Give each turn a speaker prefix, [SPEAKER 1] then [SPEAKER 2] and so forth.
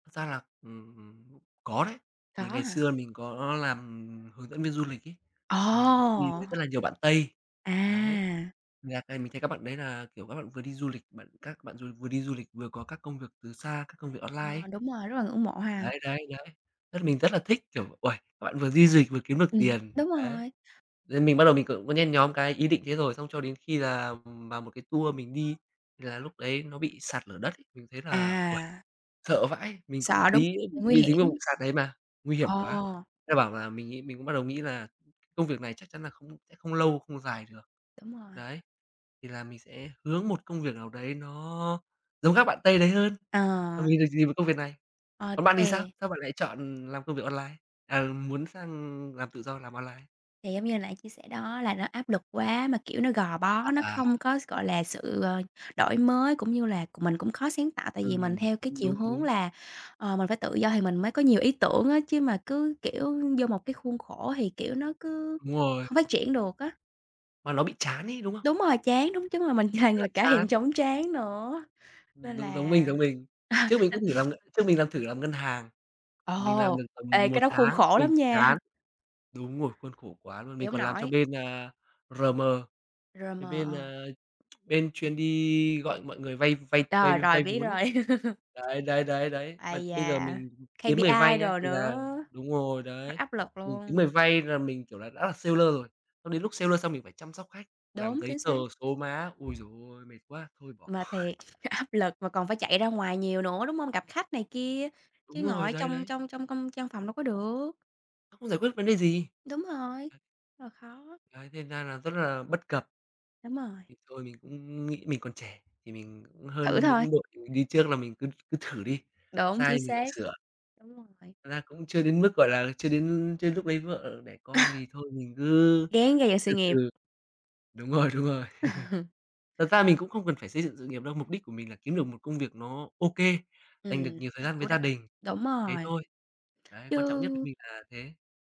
[SPEAKER 1] Thật ra là, ừm, có đấy.
[SPEAKER 2] Có
[SPEAKER 1] Thì ngày
[SPEAKER 2] hả?
[SPEAKER 1] xưa mình có làm hướng dẫn viên du lịch ấy, mình có đi
[SPEAKER 2] Ồ!
[SPEAKER 1] với rất là nhiều bạn Tây. Đấy,
[SPEAKER 2] À.
[SPEAKER 1] mình [unintelligible] mình thấy các bạn đấy là, kiểu, các bạn vừa đi du lịch, bạn các bạn dù vừa đi du lịch vừa có các công việc từ xa, các công việc online ấy.
[SPEAKER 2] Ờ, đúng rồi, rất là ngưỡng mộ ha.
[SPEAKER 1] Đấy, đấy, đấy. Rất mình rất là thích, kiểu, uầy, các bạn vừa đi di dịch vừa kiếm được
[SPEAKER 2] Ừm,
[SPEAKER 1] tiền,
[SPEAKER 2] đúng
[SPEAKER 1] đấy.
[SPEAKER 2] rồi.
[SPEAKER 1] Nên mình bắt đầu mình cũng có nhen nhóm cái ý định thế rồi, xong cho đến khi là, ừm, vào một cái tour mình đi, thì là lúc đấy nó bị sạt lở đất ấy, mình thấy là, uầy,
[SPEAKER 2] À.
[SPEAKER 1] sợ vãi. Mình cũng
[SPEAKER 2] Sợ, đúng
[SPEAKER 1] tí nữa bị
[SPEAKER 2] nguy
[SPEAKER 1] bị dính vào vụ
[SPEAKER 2] hiểm.
[SPEAKER 1] sạt đấy mà, nguy hiểm quá.
[SPEAKER 2] Ồ!
[SPEAKER 1] Thế là bảo là mình ấy, mình cũng bắt đầu nghĩ là công việc này chắc chắn là không sẽ không lâu, không dài được.
[SPEAKER 2] Đúng rồi.
[SPEAKER 1] Đấy, thì là mình sẽ hướng một công việc nào đấy nó giống các bạn Tây đấy hơn,
[SPEAKER 2] Ờ.
[SPEAKER 1] à, mình được dìm vào công việc này.
[SPEAKER 2] Ờ,
[SPEAKER 1] Còn bạn thì sao?
[SPEAKER 2] thì
[SPEAKER 1] Sao bạn lại chọn làm công việc online? À, muốn sang làm tự do, làm online?
[SPEAKER 2] Thì giống như hồi nãy chia sẻ đó, là nó áp lực quá mà, kiểu, nó gò bó, nó
[SPEAKER 1] À.
[SPEAKER 2] không có s gọi là, sự, ờ, đổi mới cũng như là c mình cũng khó sáng tạo. Tại vì mình
[SPEAKER 1] Ừm,
[SPEAKER 2] theo cái
[SPEAKER 1] đúng,
[SPEAKER 2] chiều
[SPEAKER 1] đúng,
[SPEAKER 2] hướng
[SPEAKER 1] đúng.
[SPEAKER 2] là, ờ, mình phải tự do thì mình mới có nhiều ý tưởng á, chứ mà cứ, kiểu, vô một cái khuôn khổ thì, kiểu, nó cứ
[SPEAKER 1] Đúng rồi.
[SPEAKER 2] không phát triển được á.
[SPEAKER 1] Mà nó bị chán ấy, đúng không?
[SPEAKER 2] Đúng rồi, chán. Đúng, chắc là
[SPEAKER 1] Rất
[SPEAKER 2] mình là
[SPEAKER 1] là
[SPEAKER 2] người cả thèm
[SPEAKER 1] chán.
[SPEAKER 2] chóng trán nữa,
[SPEAKER 1] Ừm,
[SPEAKER 2] nên
[SPEAKER 1] giống giống
[SPEAKER 2] là
[SPEAKER 1] mình, giống mình. Trước mình cũng thử làm
[SPEAKER 2] [unintelligible]
[SPEAKER 1] ngân trước mình làm thử làm ngân hàng, mình làm
[SPEAKER 2] Ồ,
[SPEAKER 1] được tầm
[SPEAKER 2] ê, cái
[SPEAKER 1] 1
[SPEAKER 2] đó khuôn
[SPEAKER 1] tháng
[SPEAKER 2] khổ
[SPEAKER 1] mình
[SPEAKER 2] lắm nha!
[SPEAKER 1] chán. Đúng rồi, khuôn khổ quá luôn.
[SPEAKER 2] Chịu
[SPEAKER 1] Mình
[SPEAKER 2] hông
[SPEAKER 1] còn làm cho
[SPEAKER 2] nổi.
[SPEAKER 1] bên, a, RM,
[SPEAKER 2] rờ
[SPEAKER 1] cái
[SPEAKER 2] mờ,
[SPEAKER 1] bên,
[SPEAKER 2] ờ.
[SPEAKER 1] a, bên chuyên đi gọi mọi người vay vay vay
[SPEAKER 2] Rồi,
[SPEAKER 1] vay
[SPEAKER 2] rồi,
[SPEAKER 1] vay
[SPEAKER 2] biết
[SPEAKER 1] vốn ấy.
[SPEAKER 2] rồi.
[SPEAKER 1] Đấy, đấy, đấy, đấy. Mà
[SPEAKER 2] Ây
[SPEAKER 1] bây giờ
[SPEAKER 2] da,
[SPEAKER 1] mình kiếm người vay
[SPEAKER 2] KPI
[SPEAKER 1] nhá,
[SPEAKER 2] đồ
[SPEAKER 1] thì là
[SPEAKER 2] nữa.
[SPEAKER 1] đúng rồi
[SPEAKER 2] Quá
[SPEAKER 1] đấy,
[SPEAKER 2] áp lực
[SPEAKER 1] mình kiếm
[SPEAKER 2] luôn.
[SPEAKER 1] người vay là mình, kiểu, là đã là seller rồi. Xong đến lúc seller xong mình phải chăm sóc khách, làm
[SPEAKER 2] Đúng,
[SPEAKER 1] giấy
[SPEAKER 2] chính
[SPEAKER 1] tờ,
[SPEAKER 2] xác!
[SPEAKER 1] số má. Ôi giời ôi, mệt quá! Thôi bỏ.
[SPEAKER 2] Mà thiệt, áp lực mà còn phải chạy ra ngoài nhiều nữa, đúng hông? Gặp khách này kia, chứ
[SPEAKER 1] Đúng
[SPEAKER 2] ngồi
[SPEAKER 1] rồi,
[SPEAKER 2] ở
[SPEAKER 1] đấy,
[SPEAKER 2] trong
[SPEAKER 1] đấy!
[SPEAKER 2] trong trong công trong văn phòng đâu có được.
[SPEAKER 1] [unintelligible] Không giải quyết được vấn đề gì.
[SPEAKER 2] Đúng rồi! Ờ, khó.
[SPEAKER 1] Ấy, thế thành ra là rất là bất cập.
[SPEAKER 2] Đúng rồi!
[SPEAKER 1] Thì thôi mình cũng nghĩ mình còn trẻ thì mình cũng
[SPEAKER 2] Thử
[SPEAKER 1] hơn
[SPEAKER 2] thôi.
[SPEAKER 1] những đội mình đi trước, là mình cứ cứ thử đi,
[SPEAKER 2] Đúng,
[SPEAKER 1] sai
[SPEAKER 2] chính
[SPEAKER 1] thì mình lại
[SPEAKER 2] xác.
[SPEAKER 1] sửa.
[SPEAKER 2] Đúng rồi.
[SPEAKER 1] Thật ra cũng chưa đến mức, gọi là, chưa đến l chưa đến lúc lấy vợ đẻ con thì thôi mình cứ
[SPEAKER 2] Ráng gầy dựng sự
[SPEAKER 1] từ
[SPEAKER 2] nghiệp.
[SPEAKER 1] từ. Đúng rồi, đúng rồi. Thật ra mình cũng không cần phải xây dựng sự nghiệp đâu. Mục đích của mình là kiếm được một công việc nó OK, dành được
[SPEAKER 2] Ừm,
[SPEAKER 1] nhiều thời
[SPEAKER 2] nó
[SPEAKER 1] gian với
[SPEAKER 2] chủ
[SPEAKER 1] gia
[SPEAKER 2] động,
[SPEAKER 1] đình,
[SPEAKER 2] đúng
[SPEAKER 1] thế
[SPEAKER 2] rồi.
[SPEAKER 1] thôi. Đấy,
[SPEAKER 2] Chứ
[SPEAKER 1] quan trọng nhất với mình là thế.